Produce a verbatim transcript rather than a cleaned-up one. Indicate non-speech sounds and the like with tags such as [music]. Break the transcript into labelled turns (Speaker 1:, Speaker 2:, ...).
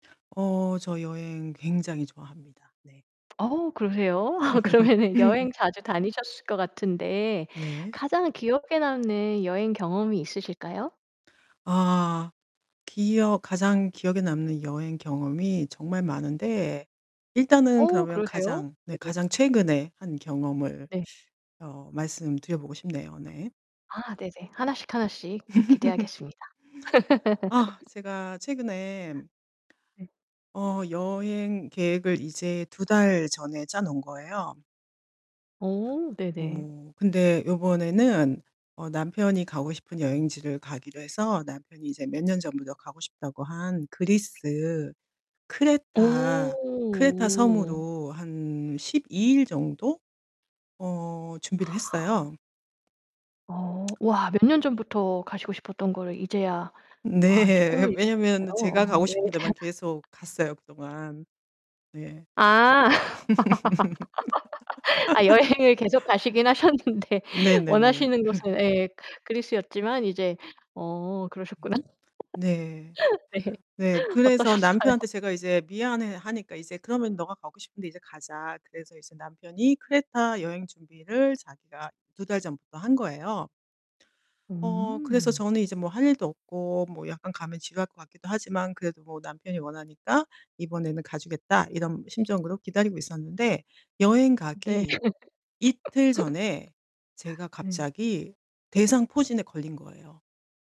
Speaker 1: 어 저 여행 굉장히 좋아합니다 네.
Speaker 2: 어우 그러세요? [laughs] 그러면은 여행
Speaker 1: [laughs]
Speaker 2: 자주 다니셨을 것 같은데
Speaker 1: 네.
Speaker 2: 가장 기억에 남는 여행 경험이 있으실까요?
Speaker 1: 아. 기억 가장 기억에 남는 여행 경험이 정말 많은데 일단은
Speaker 2: 어
Speaker 1: 그러면
Speaker 2: 그러세요?
Speaker 1: 가장 네
Speaker 2: 네네.
Speaker 1: 가장 최근에 한 경험을
Speaker 2: 네.
Speaker 1: 어 말씀드려 보고 싶네요, 네.
Speaker 2: 아 네네. 하나씩 하나씩 이렇게 기대하겠습니다.
Speaker 1: [laughs] 아
Speaker 2: [laughs]
Speaker 1: 제가 최근에
Speaker 2: 네.
Speaker 1: 어 여행 계획을 이제 두 달 전에 짜 놓은 거예요.
Speaker 2: 어 네네.
Speaker 1: 뭐 근데 요번에는 어 남편이 가고 싶은 여행지를 가기로 해서 남편이 이제 몇 년 전부터 가고 싶다고 한 그리스 크레타
Speaker 2: 어.
Speaker 1: 크레타섬으로 한 십이 일 정도 어 준비를
Speaker 2: 아.
Speaker 1: 했어요.
Speaker 2: 어. 와 몇 년 전부터 가시고 싶었던 거를 이제야 아 이제
Speaker 1: 네.
Speaker 2: 꿈을 이루신
Speaker 1: 왜냐하면
Speaker 2: 거예요.
Speaker 1: 제가
Speaker 2: 아
Speaker 1: 가고
Speaker 2: 여행
Speaker 1: 싶은
Speaker 2: 잘
Speaker 1: 데만 계속 갔어요 그동안. 네.
Speaker 2: 아. [laughs] 아 여행을 계속
Speaker 1: [laughs]
Speaker 2: 가시긴 하셨는데
Speaker 1: 네네네.
Speaker 2: 원하시는
Speaker 1: [laughs]
Speaker 2: 곳은 예 그리스였지만 이제 어 그러셨구나.
Speaker 1: 네.
Speaker 2: [laughs] 네.
Speaker 1: 네 그래서
Speaker 2: 어떠셨어요?
Speaker 1: 남편한테 제가 이제 미안해하니까 이제 그러면 "네가 가고 싶은데 이제 가자." 그래서 이제 남편이 크레타 여행 준비를 자기가 두 달 전부터 한 거예요. 어 그래서
Speaker 2: 음.
Speaker 1: 저는 이제 '뭐 할 일도 없고 뭐 약간 가면 지루할 것 같기도 하지만 그래도 뭐 남편이 원하니까 이번에는 가 주겠다.' 이런 심정으로 기다리고 있었는데 여행
Speaker 2: 네.
Speaker 1: 가기 이틀 전에 제가
Speaker 2: [laughs] 네.
Speaker 1: 갑자기 대상포진에 걸린 거예요.